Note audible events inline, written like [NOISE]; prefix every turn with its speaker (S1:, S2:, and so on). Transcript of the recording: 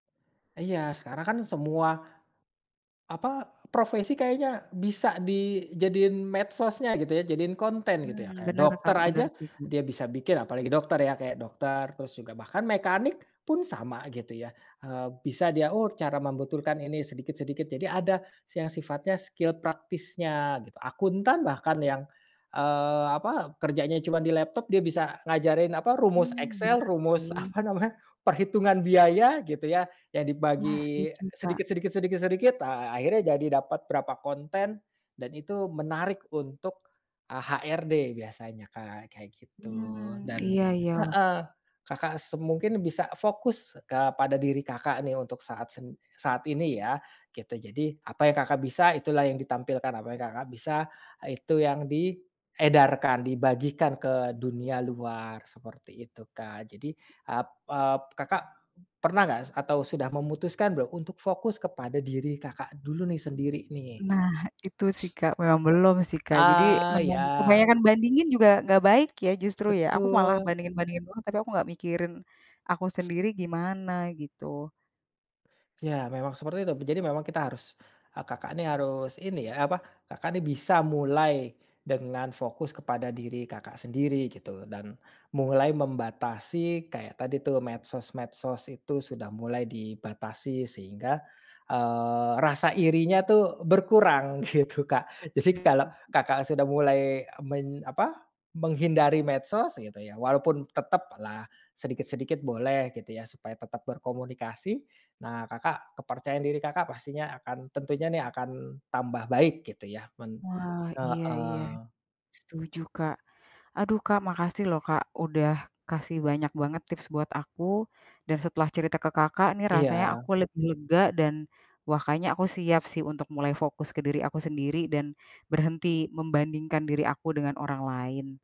S1: Iya, sekarang kan semua, apa, profesi, kayaknya bisa dijadiin medsosnya, gitu ya. Jadiin konten, gitu ya.
S2: Mmm,
S1: Kayak
S2: benar,
S1: dokter
S2: Kak.
S1: aja,
S2: Benar, sih, hmm.
S1: dia bisa bikin apalagi dokter ya, kayak dokter, terus juga, bahkan mekanik pun sama, gitu ya. Eee, bisa dia, "Oh, cara membetulkan ini sedikit-sedikit," jadi ada si yang sifatnya skill praktisnya, gitu. Akuntan bahkan yang, eee, apa, kerjanya cuman di laptop, dia bisa ngajarin, apa, rumus
S2: Mmm,
S1: Excel,
S2: benar
S1: rumus
S2: sih.
S1: apa namanya, perhitungan biaya, gitu ya, yang
S2: Wah,
S1: dibagi
S2: setuju, Kak.
S1: sedikit sedikit sedikit sedikit, ah, akhirnya jadi dapat berapa konten, dan itu menarik untuk, eee, HRD, biasanya, Kak. Kayak gitu.
S2: Mmm,
S1: Dan
S2: iya iya oh.
S1: heeh. Kakak se mungkin bisa fokus kepada diri Kakak, nih, untuk saat sen saat ini, ya. Gitu. Jadi, apa yang Kakak bisa, itulah yang ditampilkan. Apa yang Kakak bisa, eee, itu yang diedarkan, dibagikan ke dunia luar. Seperti itu, Kak. Jadi, ap ap Kakak pernah nggak, s atau sudah memutuskan belum, untuk fokus kepada diri Kakak dulu nih, sendiri nih?
S2: Nah. Itu sih,
S1: [SNIFFS]
S2: Kak, memang belum sih, Kak. Jadi,
S1: Ah,
S2: memang
S1: ya.
S2: kebanyakan bandingin juga nggak baik ya, justru ya? Aku malah
S1: Betul.
S2: bandingin-bandingin mulu, tapi aku nggak mikirin, aku
S1: [SNIFFS]
S2: sendiri gimana, gitu.
S1: Ya, memang seperti itu. B jadi memang kita harus, eee, Kakak nih, harus ini ya, apa, Kakak nih bisa mulai dengan fokus kepada diri Kakak sendiri, gitu. Dan mulai membatasi kayak tadi, tuh, medsos-medsos itu sudah mulai dibatasi, sehingga, eee, rasa irinya tuh berkurang, gitu, Kak. Jadi,
S2: Mhm,
S1: kalau
S2: hmm.
S1: Kakak sudah mulai meny apa, menghindari medsos, gitu ya, walaupun tetaplah sedikit-sedikit boleh, gitu ya, supaya tetap berkomunikasi. Nah, Kakak kepercayaan diri Kakak pastinya akan tentunya nih akan tambah baik, gitu ya, men
S2: Wah, iya iya.
S1: heeh.
S2: Setuju, Kak. Aduh, Kak, makasih lho, Kak, udah kasih banyak banget tips buat aku. Dan, setelah cerita ke Kakak nih, rasanya
S1: Iya.
S2: aku lebih lega, dan, wah, kayaknya aku siap sih, untuk mulai fokus ke diri aku sendiri, dan berhenti membandingkan diri aku dengan orang lain.